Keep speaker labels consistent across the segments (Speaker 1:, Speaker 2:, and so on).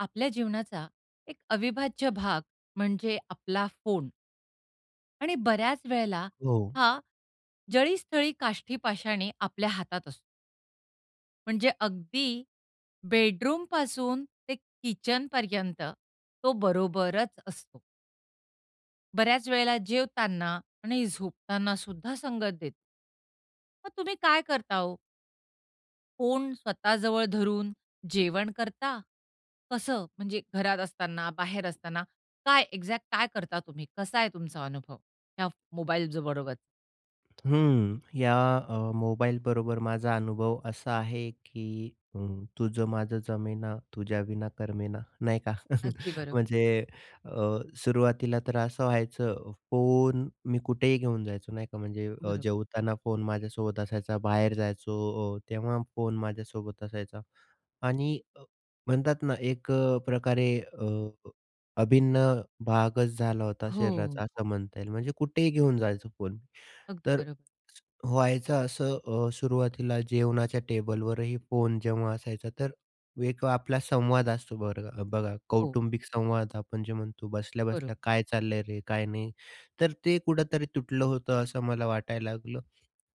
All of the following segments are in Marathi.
Speaker 1: आपल्या जीवनाचा एक अविभाज्य भाग म्हणजे आपला फोन. आणि बऱ्याचं वेळेला
Speaker 2: हो.
Speaker 1: हा जळी, स्थळी, काष्ठी, पाषाणी आपल्या हातात असतो. म्हणजे अगदी बेडरूमपासून ते किचनपर्यंत तो बरोबरचं असतो. बऱ्याचं वेळेला जेवताना आणि झोपताना सुद्धा संगत देतो. मग तुम्ही काय करता ओ? फोन स्वतः जवळ धरून जेवण करता? कसं? म्हणजे घरात असताना, बाहेर असताना, काय एक्झॅक्ट काय करता तुम्ही? कसा आहे तुमचा अनुभव या मोबाईलज बरोबर?
Speaker 2: हम्म. या अ, मोबाईल बरोबर माझा अनुभव असा आहे की, अ, "तुझं माझं जमेना, तुझ्याविना करमेना" नाही का.
Speaker 1: अगदी बरोबर.
Speaker 2: म्हणजे अ, सुरुवातीला तर असं व्हायचं फोन मी कुठेही घेऊन जायचो नाही का. म्हणजे
Speaker 1: बरोबर.
Speaker 2: जेवताना फोन माझ्यासोबत असायचा. बाहेर जायचो, अ, तेव्हा फोन माझ्यासोबत असायचा. आणि म्हणतात ना 1 अ, प्रकारे अ, अभिन्न भागचं झाला होता
Speaker 1: हो.
Speaker 2: शरीराचा, असं म्हणता येईल. म्हणजे कुठेही घेऊन जायचो फोन.
Speaker 1: अगदी
Speaker 2: तर
Speaker 1: बरोबर.
Speaker 2: व्हायचं असं, अ, सुरुवातीला जेवणाच्या टेबलवरही फोन जेव्हा असायचा तर 1 आपला संवाद असतो बरं बघा
Speaker 1: हो.
Speaker 2: कौटुंबिक संवाद, आपण जे म्हणतो
Speaker 1: बरोबर.
Speaker 2: बसल्या-बसल्या "काय चाललंय रे? काय नाही?" तर ते कुठेतरी तुटलं होतं असं मला वाटायला लागलं.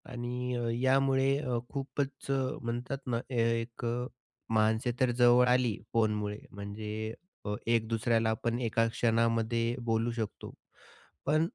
Speaker 2: आणि अ, यामुळे अ, खूपचं अ, म्हणतात ना ए एक अ, माणसे तर जवळ आली फोनमुळे म्हणजे अ, एक दुसऱ्याला आपण एका क्षणामध्ये बोलू शकतो. पण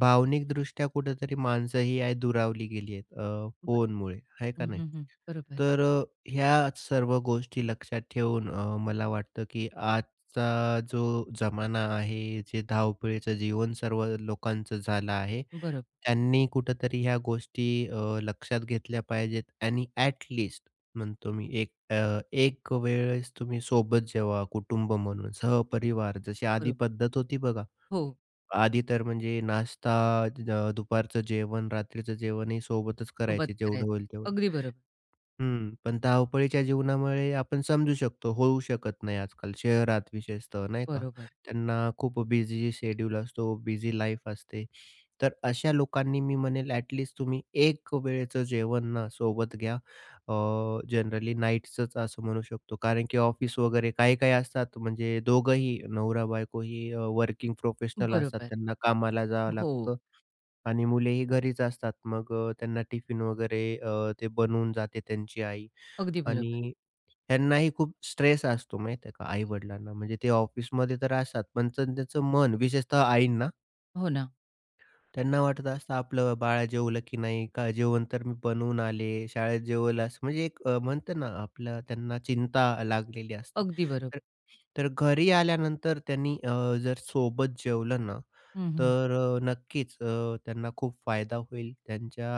Speaker 2: भावनिकदृष्ट्या कुठेतरी माणसंही या दुरावली गेली आहेत. अ.
Speaker 1: बरं.
Speaker 2: फोनमुळे. आहे का
Speaker 1: हं.
Speaker 2: नाही?
Speaker 1: हं. हं. बरोबर.
Speaker 2: तर अ, ह्या सर्व गोष्टी लक्षात ठेवून अ, मला वाटतं, की आजचा जो जमाना आहे, जे धावपळीचं जीवन सर्व लोकांचं झालं आहे.
Speaker 1: बरोबर.
Speaker 2: त्यांनी कुठेतरी ह्या गोष्टी अ, लक्षात घेतल्या पाहिजेत. आणि ॲट लीस्ट म्हणतो मी 1 अ, 1 वेळेस तुम्ही सोबत जेवा, कुटुंब म्हणून सहपरिवार जशी आधी
Speaker 1: बरोबर.
Speaker 2: पद्धत होती बघा.
Speaker 1: हो.
Speaker 2: आधी तर म्हणजे नाश्ता, द दुपारचं जेवण, रात्रीचं जेवणही सोबतचं
Speaker 1: सोबत
Speaker 2: करायचे. जेवढं
Speaker 1: करायचं.
Speaker 2: होईल तेवढं.
Speaker 1: अगदी बरोबर.
Speaker 2: हं, पण धावपळीच्या जीवनामुळे आपण समजू शकतो, होऊ शकत नाही आज-काल, शहरात विशेषतः नाही का.
Speaker 1: बरोबर.
Speaker 2: त्यांना खूप बिझी शेड्यूल असतो. बिझी लाईफ असते. तर अशा लोकांनी मी म्हणेल, ॲट लीस्ट तुम्ही 1 वेळेचं जेवणं सोबत घ्या. अ, जनरली नाईटचचं असं म्हणू शकतो, कारण की ऑफिस वगैरे, काही-काही असतात, म्हणजे दोघंही नवरा-बायकोही वर्किंग प्रोफेशनल असतात.
Speaker 1: बरोबर.
Speaker 2: त्यांना कामाला जावं
Speaker 1: हो.
Speaker 2: लागतं आणि मुलेही घरीचं असतात. मग अ, त्यांना टिफिन वगैरे अ, ते बनवून जाते त्यांची आई.
Speaker 1: अगदी बरोबर.
Speaker 2: आणि ह्यांनाही खूप स्ट्रेस असतो, माहिती आहे का, आई-वडिलांना म्हणजे ते ऑफिसमध्ये तर असतात. पण त्याचं मन विशेषतः आईंना.
Speaker 1: हो ना.
Speaker 2: त्यांना वाटत असतं, आपलं बाळ जेवलं की नाही का, जेवण तर मी बनवून आले शाळेत जेवलास म्हणजे एक म्हणता ना आपलं त्यांना चिंता लागलेली असते.
Speaker 1: अगदी बरोबर.
Speaker 2: तर तर घरी आल्यानंतर त्यांनी अ, जर सोबत जेवलं ना
Speaker 1: हं, हं.
Speaker 2: तर, नक्कीच अ, त्यांना खूप फायदा होईल. त्यांच्या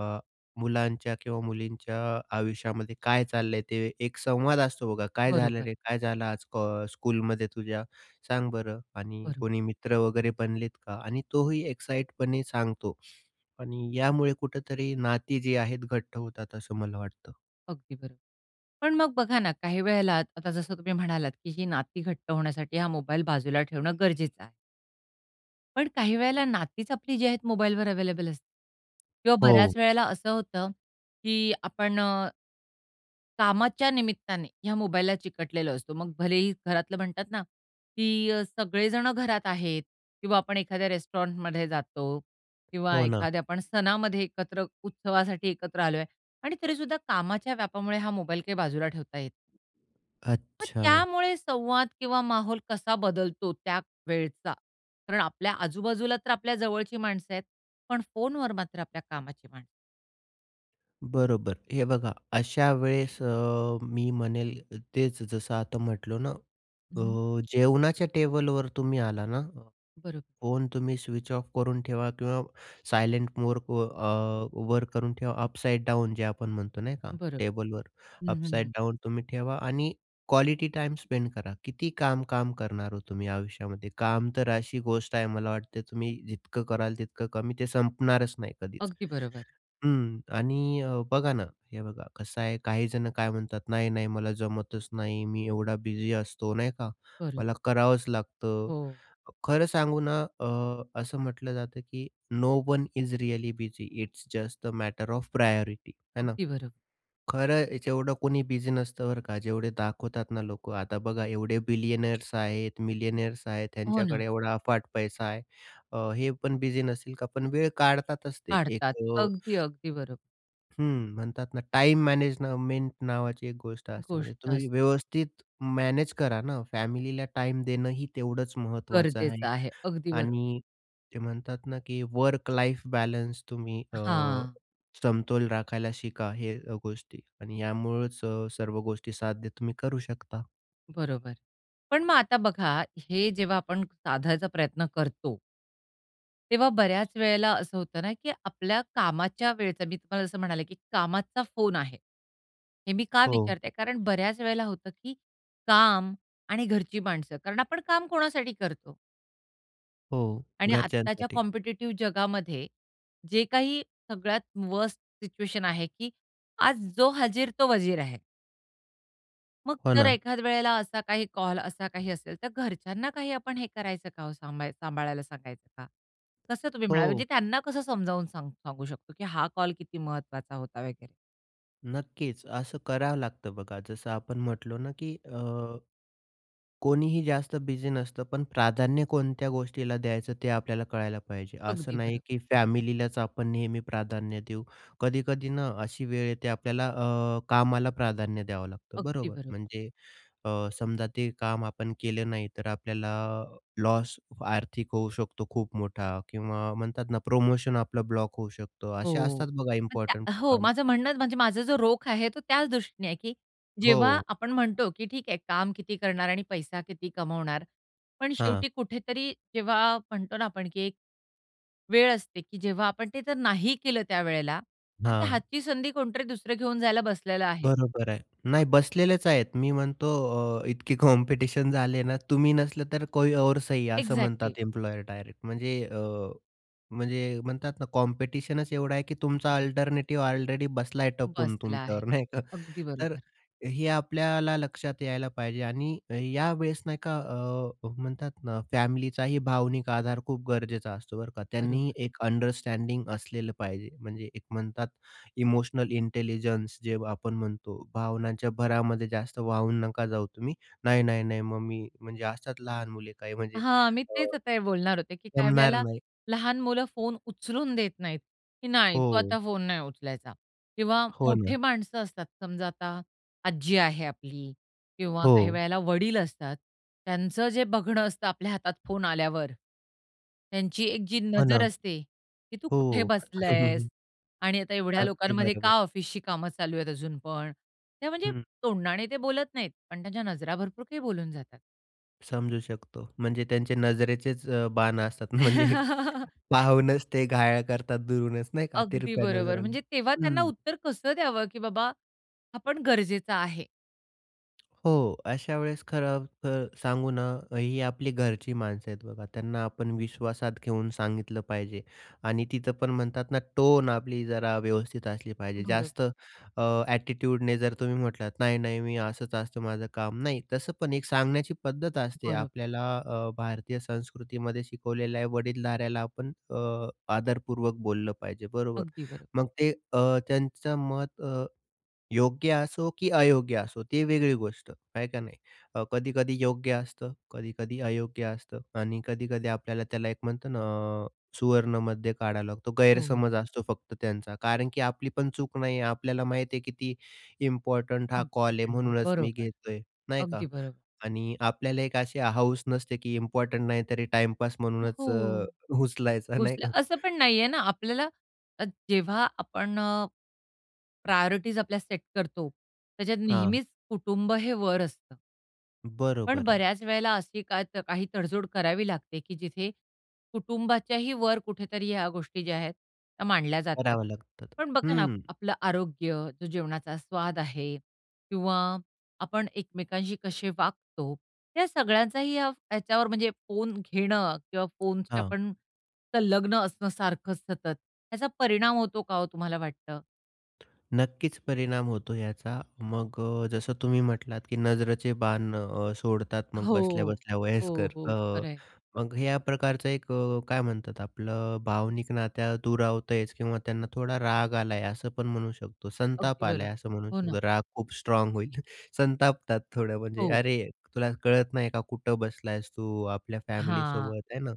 Speaker 2: अ, मुलांच्या किंवा मुलींच्या आयुष्यामध्ये काय चाललंय ते एक संवाद असतो बघा, काय झालं
Speaker 1: बरोबर.
Speaker 2: रे? काय झालं आज क स्कूलमध्ये तुझ्या सांग बरं? आणि
Speaker 1: बरोबर.
Speaker 2: कोणी मित्र वगैरे बनलेत का? आणि तोही एक्साईटपणे सांगतो. आणि यामुळे कुठेतरी नाती जी आहेत घट्ट होतात असं मला वाटतं.
Speaker 1: अगदी बरोबर. पण मग बघा ना, काही वेळेला आता जसं तुम्ही म्हणालात की ही नाती घट्ट होण्यासाठी हा मोबाईल बाजूला ठेवणं गरजेचं आहे. पण काही वेळेला नातीच आपली जी आहेत मोबाईलवर अव्हेलेबल असते. किंवा बऱ्याच
Speaker 2: हो.
Speaker 1: वेळेला असं होतं की, आपण अ, कामाच्या निमित्ताने ह्या मोबाईलला चिकटलेलो असतो. मग, भलेही घरातलं म्हणतात ना की अ, सगळे जण घरात आहेत किंवा आपण एखाद्या रेस्टॉरंटमध्ये जातो किंवा
Speaker 2: हो ना.
Speaker 1: एखाद्या आपण सणामध्ये एकत्र उत्सवासाठी एकत्र आलोय आणि तरीसुद्धा कामाच्या व्यापामुळे हा मोबाईल काही बाजूला ठेवता येत नाही. पण
Speaker 2: अच्छा.
Speaker 1: त्यामुळे संवाद किंवा माहोल कसा बदलतो त्या वेळचा. कारण, आपल्या आजूबाजूला तर आपल्या जवळची माणसं आहेत पण फोनवर मात्र आपल्या कामाची माणसं.
Speaker 2: बरोबर हे बघा, अशा वेळेस अ, मी म्हणेल तेच जसं आता म्हटलो ना,
Speaker 1: हं.
Speaker 2: अ, जेवणाच्या टेबलवर तुम्ही आला ना
Speaker 1: बरोब
Speaker 2: फोन, तुम्ही स्विच ऑफ करून ठेवा किंवा सायलेंट मोडवर अ, वर करून ठेवा. अपसाइड डाउन जे आपण म्हणतो, नाही का,
Speaker 1: बरं,
Speaker 2: टेबलवर.
Speaker 1: हं, हं,
Speaker 2: अपसाइड
Speaker 1: हं.
Speaker 2: डाउन तुम्ही ठेवा आणि क्वालिटी टाइम स्पेंड करा. किती काम-काम करणार हो तुम्ही आयुष्यामध्ये? काम तर अशी गोष्ट आहे, मला वाटतं, तुम्ही जितकं कराल तितकं कमी, ते संपणारच नाही कधीच.
Speaker 1: अगदी बरोबर.
Speaker 2: हं, आणि अ, बघा ना, हे बघा कसं आहे, काहीजण काय म्हणतात, नाही-नाही, मला जमतच नाही, मी एवढा बिझी असतो, नाही का,
Speaker 1: बरं.
Speaker 2: मला करावंच लागतं.
Speaker 1: हो.
Speaker 2: खरं सांगू ना, अ, असं म्हटलं जातं, की "no one is really busy it's just the matter of priority" आहे ना.
Speaker 1: अगदी बरं.
Speaker 2: खरं जेवढं कोणी बिझी नसतं, बरं का, जेवढे दाखवतात ना लोकं. आता बघा, एवढे बिलियनर्स आहेत, मिलियनेयर्स आहेत,
Speaker 1: हो ना.
Speaker 2: त्यांच्याकडे एवढा अफाट पैसा आहे हे. अ, हे पण बिझी नसेल का? पण वेळ काढतातच ते
Speaker 1: काढतात
Speaker 2: एक अ
Speaker 1: अगदी-अगदी बरोबर.
Speaker 2: हं. म्हणतात ना टाईम मॅनेजमेंट नावाची एक गोष्ट असते. म्हणजे
Speaker 1: गोष्ट असते.
Speaker 2: तुम्ही व्यवस्थित मॅनेज करा ना, फॅमिलीला टाईम देणंही तेवढंच महत्त्वाचं आहे.
Speaker 1: गरजेचं आहे. अगदी बरोबर.
Speaker 2: आणि ते म्हणतात ना, की वर्क लाइफ बॅलन्स तुम्ही अ,
Speaker 1: हां.
Speaker 2: समतोल राखायला शिका. हे गोष्टी आणि यामुळंच स सर्व गोष्टी साध्य तुम्ही करू शकता.
Speaker 1: बरोबर. पण मग आता बघा, हे जेव्हा आपण साधायचा प्रयत्न करतो, तेव्हा बऱ्याच वेळेला असं होतं ना की आपल्या कामाच्या वेळचा, मी तुम्हाला जसं म्हणाले की कामाचा फोन आहे. हे मी का
Speaker 2: हो.
Speaker 1: विचारतेय? कारण बऱ्याच वेळेला होतं की, काम आणि घरची माणसं. कारण आपण काम कोणासाठी करतो?
Speaker 2: हो.
Speaker 1: आणि आत्ताच्या
Speaker 2: घरच्यांसाठी.
Speaker 1: कॉम्पिटिटिव जगामध्ये, जे काही सगळ्यात वर्स्ट सिच्युएशन आहे की, आज जो हाजीर तो वजीर आहे. मग
Speaker 2: हो
Speaker 1: जर
Speaker 2: ना.
Speaker 1: एखाद वेळेला असा काही कॉल, असा काही असेल, तर घरच्यांना काही आपण हे करायचं का हो, सांभा सांभाळायला सांगायचं का? कसं तुम्ही म्हणालात? म्हणजे
Speaker 2: हो.
Speaker 1: त्यांना कसं समजावून सांगू सांगू शकतो की हा कॉल किती महत्त्वाचा होता वगैरे?
Speaker 2: नक्कीच असं करावं लागतं बघा, जसं आपण म्हटलो ना, की अ, कोणीही जास्त बिझी नसतं, पण प्राधान्य कोणत्या गोष्टीला द्यायचं ते आपल्याला कळायला पाहिजे. असं
Speaker 1: अगदी
Speaker 2: नाही,
Speaker 1: बरं.
Speaker 2: की फॅमिलीलाच आपण नेहमी प्राधान्य देऊ. कधी-कधी ना, अशी वेळ येते आपल्याला, अ, कामाला प्राधान्य द्यावं लागतं,
Speaker 1: अगदी
Speaker 2: बरोबर?
Speaker 1: बरं.
Speaker 2: म्हणजे अ, समजा ते काम आपण केलं नाही, तर आपल्याला लॉस आर्थिक होऊ शकतो खूप मोठा किंवा म्हणतात ना, प्रोमोशन आपलं ब्लॉक होऊ शकतं, असे
Speaker 1: हो,
Speaker 2: असतात बघा,
Speaker 1: पण त्या
Speaker 2: इम्पॉर्टंट
Speaker 1: अ, हो,
Speaker 2: काम.
Speaker 1: माझं म्हणणं म्हणजे माझा जो रोख आहे, तो त्याच दृष्टीने आहे, की जेव्हा
Speaker 2: हो.
Speaker 1: आपण म्हणतो, की "ठीक आहे, काम किती करणार आणि पैसा किती कमवणार." पण
Speaker 2: हां.
Speaker 1: शेवटी कुठेतरी जेव्हा म्हणतो ना आपण, की एक वेळ असते, की जेव्हा आपण ते तर नाही केलं, त्यावेळेला तर ते
Speaker 2: हां.
Speaker 1: हातची संधी कोणतरी दुसरं घेऊन जायला बसलेलं आहे.
Speaker 2: बरोबर आहे, नाही बसलेलेच आहेत, मी म्हणतो, अ, इतके कॉम्पिटिशन झाले ना, तुम्ही नसलं तर कोई और सही असं
Speaker 1: एकझॅक्टली.
Speaker 2: म्हणतात एम्प्लॉयर डायरेक्ट, म्हणजे अ, म्हणजे म्हणतात ना, कॉम्पिटिशनच एवढं आहे, की तुमचा अल्टरनेटिव्ह ऑलरेडी बसलाय आहे टपून
Speaker 1: बसला आहे,
Speaker 2: तुमच्यावर नाही का.
Speaker 1: अगदी
Speaker 2: तर
Speaker 1: बरोबर.
Speaker 2: हे आपल्याला लक्षात यायला पाहिजे आणि या वेळेस, नाही का, अ, म्हणतात ना फॅमिलीचाही भावनिक आधार खूप गरजेचा असतो, बरं का. त्यांनी
Speaker 1: बरोबर.
Speaker 2: एक अंडरस्टँडिंग असलेलं पाहिजे, म्हणजे एक म्हणतात, इमोशनल इंटेलिजन्स जे आपण म्हणतो, भावनांच्या भरामध्ये जास्त वाहून नका जाऊ तुम्ही. नाही-नाही-नाही, मग मी म्हणजे असतात लहान मुले काही, म्हणजे
Speaker 1: हां, मी
Speaker 2: अ,
Speaker 1: तेच आता हे बोलणार होते, की काही
Speaker 2: जमणार
Speaker 1: वेळेला
Speaker 2: नाही.
Speaker 1: लहान मुलं फोन उचलून देत नाहीत, की नाही, तु
Speaker 2: हो.
Speaker 1: आता फोन नाही उचलायचा किंवा
Speaker 2: हो
Speaker 1: मोठे
Speaker 2: ना.
Speaker 1: माणसं असतात, समजा आता आजी आहे आपली किंवा काही
Speaker 2: हो.
Speaker 1: वेळेला वडील असतात, त्यांचं जे बघणं असतं आपल्या हातात फोन आल्यावर, त्यांची एक जी
Speaker 2: हो ना.
Speaker 1: नजर असते, की तू
Speaker 2: हो,
Speaker 1: कुठे
Speaker 2: हं,
Speaker 1: बसलायेस
Speaker 2: हं.
Speaker 1: आणि आता एवढ्या
Speaker 2: अगदी
Speaker 1: लोकांमध्ये का
Speaker 2: बरोबर.
Speaker 1: ऑफिसची कामं चालू आहेत अजून पण नाही म्हणजे
Speaker 2: हं.
Speaker 1: तोंडाने ते बोलत नाहीत, पण त्यांच्या नजरा भरपूर काही बोलून जातात.
Speaker 2: समजू शकतो. म्हणजे त्यांचे नजरेचेच अ, बाणं असतात, म्हणजे एक पाहूनच ते घायाळ करतात दुरूनच नाही का
Speaker 1: अगदी
Speaker 2: तिरप्या
Speaker 1: बरोबर.
Speaker 2: नजरनं,
Speaker 1: म्हणजे तेव्हा त्यांना
Speaker 2: हं.
Speaker 1: उत्तर कसं द्यावं की बाबा, हा पण गरजेचा आहे.
Speaker 2: हो, अशा वेळेस खरंतर सांगू ना, अ, ही आपली घरची माणसं आहेत बघा. त्यांना आपण विश्वासात घेऊन सांगितलं पाहिजे आणि तिथं पण म्हणतात ना टोन आपली जरा व्यवस्थित असली पाहिजे.
Speaker 1: बरोबर.
Speaker 2: जास्त अ, ॲटिट्यूडने जर तुम्ही म्हटलात, "नाही-नाही मी असंच असतं माझं काम." नाही तसं पण एक सांगण्याची पद्धत असते.
Speaker 1: बरोबर.
Speaker 2: आपल्याला अ, भारतीय संस्कृतीमध्ये शिकवलेलं आहे, वडीलधाऱ्याला आपण अ, आदरपूर्वक बोललं पाहिजे बरोबर.
Speaker 1: अगदी बरोबर.
Speaker 2: मग ते अ, त्यांचं मत अ, योग्य असो की अयोग्य असो ती वेगळी गोष्ट, आहे का नाही. अ, कधी-कधी योग्य असतं, कधी-कधी अयोग्य असतं आणि कधी-कधी आपल्याला त्याला एक म्हणतं ना अ, सुवर्णमध्य काढावं लागतो,
Speaker 1: हो, हो.
Speaker 2: गैरसमज असतो फक्त त्यांचा. कारण की आपली पण चूक नाही आहे आपल्याला माहीत आहे किती इम्पॉर्टंट हा कॉल आहे
Speaker 1: इम्पॉर्टंट आहे,
Speaker 2: म्हणूनच मी
Speaker 1: बरोबर.
Speaker 2: घेतोय, नाही का?
Speaker 1: अगदी बरोबर.
Speaker 2: आणि आपल्याला एक अशी हाऊस नसते की इम्पॉर्टंट नाही तरी टाईपास म्हणूनच अ,
Speaker 1: हो,
Speaker 2: उचलायचा नाही
Speaker 1: उचलाय
Speaker 2: का?
Speaker 1: असं पण नाहीये ना आपल्याला अ, जेव्हा आपण अ, प्रायोरिटीज आपल्या सेट करतो, त्याच्यात
Speaker 2: हां.
Speaker 1: नेहमीच कुटुंब हे वर असतं. पण
Speaker 2: बरोबर आहे.
Speaker 1: बऱ्याच वेळेला अशी का काही तड-जोड करावी लागते, की जिथे कुटुंबाच्याही वर, कुठेतरी ह्या गोष्टी ज्या आहेत, त्या मांडल्या जातात.
Speaker 2: करावं लागतं.
Speaker 1: पण बघा ना,
Speaker 2: हं.
Speaker 1: आपलं आरोग्य, जो जेवणाचा स्वाद आहे किंवा आपण एकमेकांशी कसे वागतो, या सगळ्यांचाही या ह्याच्यावर, म्हणजे फोन घेणं किंवा फोनची
Speaker 2: हां.
Speaker 1: आपण सलग्न असणं, सारखं सतत, ह्याचा परिणाम होतो का? हो, तुम्हाला वाटतं?
Speaker 2: नक्कीच परिणाम होतो ह्याचा. मग अ, जसं तुम्ही म्हटलात, की नजरेचे बाण अ, सोडतात, मग
Speaker 1: हो.
Speaker 2: बसल्या-बसल्या
Speaker 1: हो,
Speaker 2: वयस्कर,
Speaker 1: हो.
Speaker 2: अ,
Speaker 1: खरं आहे.
Speaker 2: मग ह्या प्रकारचं एक अ, काय म्हणतात आपलं अ, भावनिक नात्या दूरावतच किंवा त्यांना थोडा राग आला आहे, असं पण म्हणू शकतो, संताप
Speaker 1: अगदी
Speaker 2: आलाय
Speaker 1: बरोबर.
Speaker 2: असं म्हणू
Speaker 1: हो ना.
Speaker 2: शकतो. राग खूप स्ट्राँग होईल, संतापतात थोडं, म्हणजे
Speaker 1: हो.
Speaker 2: "अरे, तुला कळत नाही का कुठं बसलायेस तू? आपल्या
Speaker 1: हां.
Speaker 2: फॅमिलीसोबत आहे ना?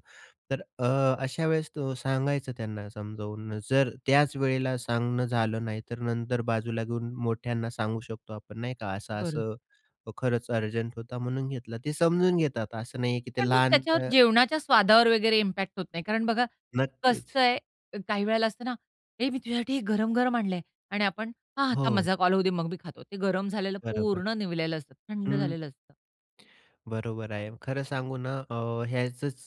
Speaker 2: तर अ, अशा वेळेस तो सांगायचं त्यांना समजावून, जर त्याच वेळेला सांगणं झालं नाही, तर नंतर बाजूला घेऊन मोठ्यांना सांगू शकतो आपण, नाही का?
Speaker 1: बरं.
Speaker 2: "असं-असं खरंच अर्जंट होता, म्हणून घेतला." ते समजून घेतात, असं नाही आहे की ते
Speaker 1: पण मग
Speaker 2: लहान
Speaker 1: त्याच्यावर
Speaker 2: त
Speaker 1: जेवणाच्या स्वादावर वगैरे इम्पॅक्ट होत नाही, कारण बघा
Speaker 2: नक्कीच.
Speaker 1: कसं आहे. काही वेळेला असतं ना, "हे मी तुझ्यासाठी गरम-गरम आणलंय." आणि आपण "हां, हां. थांब
Speaker 2: हो.
Speaker 1: माझा कॉल होऊ दे, मग मी खातो." ते गरम झालेलं
Speaker 2: बरोबर.
Speaker 1: पूर्ण निवलेलं असतं, थंड
Speaker 2: हं.
Speaker 1: झालेलं असतं.
Speaker 2: बरोबर आहे. खरं सांगू ना, अ, ह्याचंच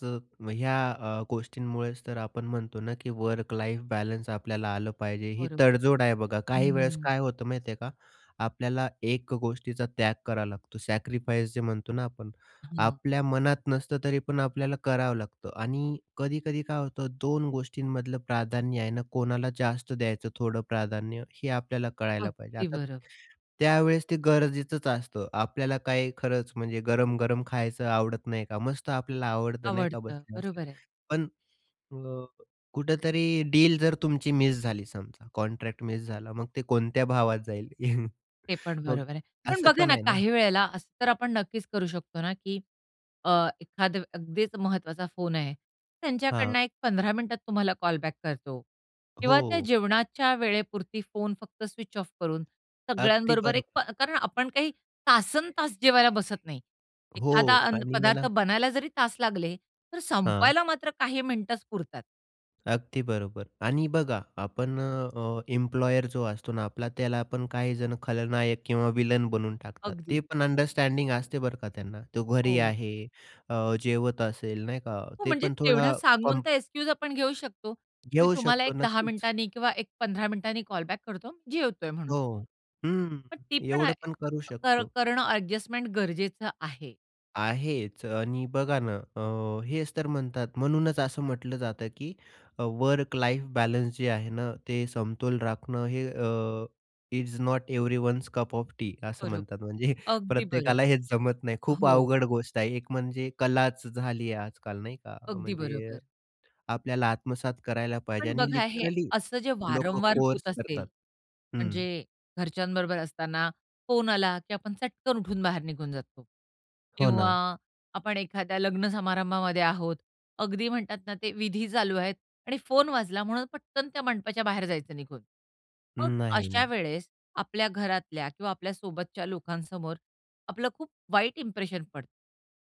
Speaker 2: ह्या अ, गोष्टींमुळेच तर आपण म्हणतो ना, की वर्क लाईफ बॅलन्स आपल्याला आलं पाहिजे. ही
Speaker 1: बरोबर.
Speaker 2: तडजोड आहे बघा. काही वेळेस
Speaker 1: हम्म.
Speaker 2: काय होतं, माहिती आहे का, आपल्याला 1 अ, गोष्टीचा त्याग करावा लागतो, सॅक्रिफाईस जे म्हणतो ना, आपण.
Speaker 1: हां.
Speaker 2: आपल्या मनात नसतं, तरी पण आपल्याला करावं लागतं. आणि कधी-कधी काय होतं, 2 गोष्टींमधलं प्राधान्य आहे ना, कोणाला जास्त द्यायचं, थोडं प्राधान्य हे आपल्याला कळायला पाहिजे.
Speaker 1: अगदी
Speaker 2: आता
Speaker 1: बरं.
Speaker 2: त्यावेळेस ते गरजेचंच असतं. आपल्याला काही खरंच म्हणजे गरम-गरम खायचं आवडत नाही का, मस्त आपल्याला आवडतं नाही का,
Speaker 1: आवडतं.
Speaker 2: बसल्या-बसल्या.
Speaker 1: बरोबर आहे.
Speaker 2: पण अ, कुठेतरी डील जर तुमची मिस झाली, समजा कॉन्ट्रॅक्ट मिस झाला, मग ते कोणत्या भावात जाईल?
Speaker 1: ते पण
Speaker 2: मग,
Speaker 1: बरोबर आहे. पण
Speaker 2: असं
Speaker 1: बघा
Speaker 2: पण
Speaker 1: ना,
Speaker 2: आहे ना.
Speaker 1: काही वेळेला असं तर आपण नक्कीच करू शकतो ना, की अ, एखादं अगदीच महत्त्वाचा फोन आहे,
Speaker 2: हां.
Speaker 1: त्यांच्याकडनं एक 15 मिनिटात तुम्हाला कॉल बॅक करतो किंवा त्या
Speaker 2: हो.
Speaker 1: जेवणाच्या वेळेपुरती फोन फक्त स्विच ऑफ करून
Speaker 2: अगदी
Speaker 1: सगळ्यांबरोबर एक प
Speaker 2: बरोबर.
Speaker 1: कारण आपण काही तासंतास जेवायला बसत नाही.
Speaker 2: हो
Speaker 1: एखादा अन्न
Speaker 2: आणि
Speaker 1: पदार्थ
Speaker 2: मला
Speaker 1: बनायला जरी तास लागले, तर
Speaker 2: हां.
Speaker 1: संपवायला मात्र काही मिनिटंच पुरतात.
Speaker 2: अगदी बरोबर आणि बघा आपण अ, एम्प्लॉयर जो असतो ना आपला त्याला आपण काही जण खलनायक किंवा विलन बनवून टाकतात. ते
Speaker 1: अगदीच.
Speaker 2: पण अंडरस्टँडिंग असते बरं का त्यांना. तो घरी
Speaker 1: हो.
Speaker 2: आहे अ, जेवत असेल नाही का?
Speaker 1: हो,
Speaker 2: ते
Speaker 1: म्हणजे
Speaker 2: पण
Speaker 1: तेवढं
Speaker 2: थोडा
Speaker 1: सांगून
Speaker 2: कॉम
Speaker 1: तर एक्सक्यूज आपण घेऊ शकतो की मी
Speaker 2: घेऊ
Speaker 1: तुम्हाला
Speaker 2: शकतो
Speaker 1: एक 10
Speaker 2: नक्कीच.
Speaker 1: मिनिटांनी किंवा एक 15 मिनिटांनी कॉल बॅक करतो, जेवतोय म्हणून.
Speaker 2: हो, हं,
Speaker 1: पण ती पण
Speaker 2: एवढं
Speaker 1: ॲ
Speaker 2: पण करू
Speaker 1: कर
Speaker 2: शकतो.
Speaker 1: करणं ॲडजस्टमेंट गरजेचं आहे.
Speaker 2: आहेच आणि बघा ना, अ, हेच तर म्हणतात, म्हणूनच असं म्हटलं जातं की अ, वर्क लाईफ बॅलन्स जे आहे ना, ते समतोल राखणं हे अ, is not everyone's cup of tea असं
Speaker 1: बरोबर,
Speaker 2: म्हणतात. म्हणजे
Speaker 1: अगदी
Speaker 2: प्रत्येकाला
Speaker 1: बरोबर,
Speaker 2: हेच जमत नाही, खूप
Speaker 1: हो.
Speaker 2: अवघड गोष्ट आहे. एक म्हणजे कलाच झाली आहे आज-काल नाही का?
Speaker 1: अगदी
Speaker 2: म्हणजे,
Speaker 1: बरोबर.
Speaker 2: आपल्याला आत्मसात करायला पाहिजे
Speaker 1: पण
Speaker 2: आणि
Speaker 1: बघा हे
Speaker 2: लिटरली
Speaker 1: असं जे
Speaker 2: लोकं
Speaker 1: वारंवार होत
Speaker 2: कोर्स
Speaker 1: असेल,
Speaker 2: करतात, हं.
Speaker 1: म्हणजे घरच्यांबरोबर असताना फोन आला की आपण चटकन उठून बाहेर निघून जातो
Speaker 2: हो
Speaker 1: किंवा
Speaker 2: ना.
Speaker 1: आपण एखाद्या लग्न समारंभामध्ये आहोत. अगदी म्हणतात ना ते विधी चालू आहेत आणि फोन वाजला म्हणून पटकन त्या मंडपाच्या बाहेर जायचं निघून. मग
Speaker 2: नाही,
Speaker 1: अशा
Speaker 2: नाही.
Speaker 1: वेळेस आपल्या घरातल्या किंवा आपल्या सोबतच्या लोकांसमोर आपलं खूप वाईट इंप्रेशन पडतं.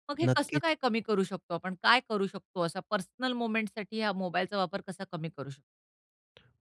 Speaker 1: मग हे कसं काय
Speaker 2: नक्कीच.
Speaker 1: कमी करू शकतो आपण? काय करू शकतो, असा पर्सनल मोमेंट्ससाठी ह्या मोबाईलचा वापर कसा कमी करू शकतो?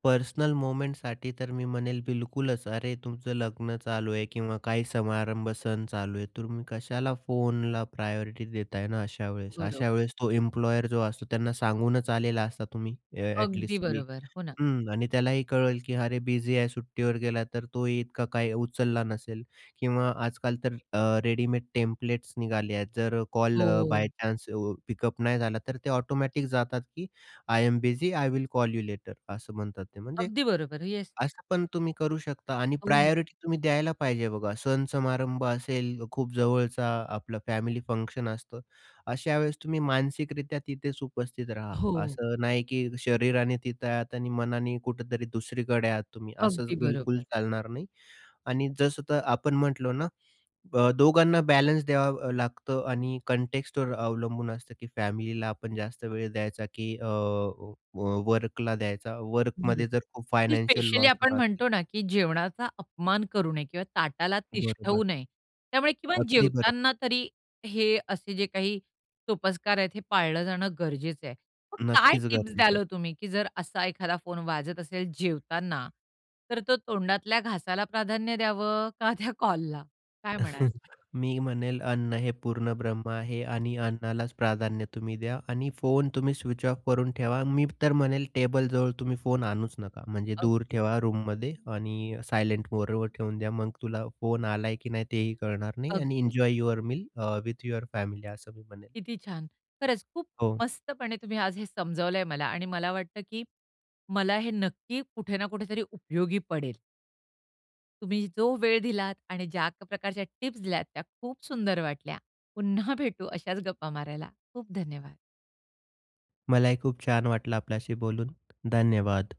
Speaker 2: पर्सनल मोमेंटसाठी तर मी म्हणेल बिलकुलच. अरे, तुमचं लग्न चालू आहे किंवा काही समारंभ सण चालू आहे. तुम्ही कशाला फोनला प्रायोरिटी देताय ना अशावेळेस?
Speaker 1: बरं.
Speaker 2: अशावेळेस तो एम्प्लॉयर जो असतो, त्यांना सांगूनच आलेला असता तुम्ही ॲ
Speaker 1: अगदी
Speaker 2: ॲटलीस्ट की
Speaker 1: बरोबर. हो ना.
Speaker 2: हं आणि त्यालाही कळेल की अरे, बिझी आहे, सुट्टीवर गेला तर तोही इतका काही उचलला नसेल किंवा आजकाल तर अ, रेडीमेड टेम्प्लेट्स निघाले आहेत, जर कॉल अ,
Speaker 1: हो.
Speaker 2: बाय चान्स पिकअप नाही झाला तर ते ऑटोमॅटिक जातात की "I am busy. I will call you later." असं म्हणतात ते. म्हणजे
Speaker 1: अगदी बरोबर, येस.
Speaker 2: असं पण तुम्ही करू शकता आणि
Speaker 1: हो, हो.
Speaker 2: प्रायोरिटी तुम्ही द्यायला पाहिजे बघा. सण समारंभ असेल, खूप जवळचा आपलं फॅमिली फंक्शन असतं. अशा वेळेस तुम्ही मानसिकरित्या तिथेच उपस्थित राहा.
Speaker 1: हो.
Speaker 2: असं नाही की शरीराने तिथं आहात आणि मनाने कुठेतरी दुसरीकडे आहात तुम्ही. असंच
Speaker 1: अगदी
Speaker 2: बिलकुल
Speaker 1: बरोबर.
Speaker 2: चालणार नाही आणि जसं तर आपण म्हटलो ना, अ, दोघांना बॅलन्स द्यावा लागत आणि कॉन्टेक्स्टवर अवलंबून असतं की फॅमिलीला आपण जास्त वेळ द्यायचा की अ, व वर्कला द्यायचा. वर्कमध्ये
Speaker 1: बरोबर
Speaker 2: जर खूप
Speaker 1: आणि
Speaker 2: फायनान्शियल
Speaker 1: स्पेशली
Speaker 2: लॉस
Speaker 1: आपण
Speaker 2: होत असेल
Speaker 1: म्हणतो ना, की जेवणाचा अपमान करू नये किंवा ताटाला तिष्ठवू
Speaker 2: बरोबर.
Speaker 1: नये. त्यामुळे किमान
Speaker 2: अगदी बरोबर.
Speaker 1: जेवताना तरी हे असे जे काही सोपस्कार आहेत, हे पाळलं जाणं गरजेचं आहे. मग काय
Speaker 2: नक्कीच
Speaker 1: टिप्स
Speaker 2: गरजेचं
Speaker 1: द्याल
Speaker 2: आहे.
Speaker 1: हो तुम्ही, की जर असा एखादा फोन वाजत असेल जेवताना, तर तो तोंडातल्या घासाला प्राधान्य द्यावं का त्या कॉलला? काय म्हणाल?
Speaker 2: मी म्हणेल, अन्न हे पूर्णब्रह्म आहे आणि अन्नालाच प्राधान्य तुम्ही द्या आणि फोन तुम्ही स्विच ऑफ करून ठेवा. मी तर म्हणेल, टेबल जवळ तुम्ही फोन आणूच नका. म्हणजे दूर
Speaker 1: अगदी.
Speaker 2: ठेवा रूममध्ये आणि सायलेंट मोडवर ठेवून द्या. मग तुला फोन आलाय की नाही तेही कळणार नाही आणि
Speaker 1: अगदी.
Speaker 2: "Enjoy your meal uh with your family," असं मी म्हणेल.
Speaker 1: किती छान. खरंच खूप
Speaker 2: हो.
Speaker 1: मस्तपणे तुम्ही आज हे समजावलं आहे मला आणि मला वाटतं, की मला हे नक्की कुठे ना कुठेतरी उपयोगी पडेल. तुम्ही जो वेळ दिलात आणि ज्या प्रकारच्या टिप्स दिल्यात, त्या खूप सुंदर वाटल्या. पुन्हा भेटू अशाच गप्पा मारायला. खूप धन्यवाद.
Speaker 2: मलाही खूप छान वाटलं आपल्याशी बोलून, धन्यवाद.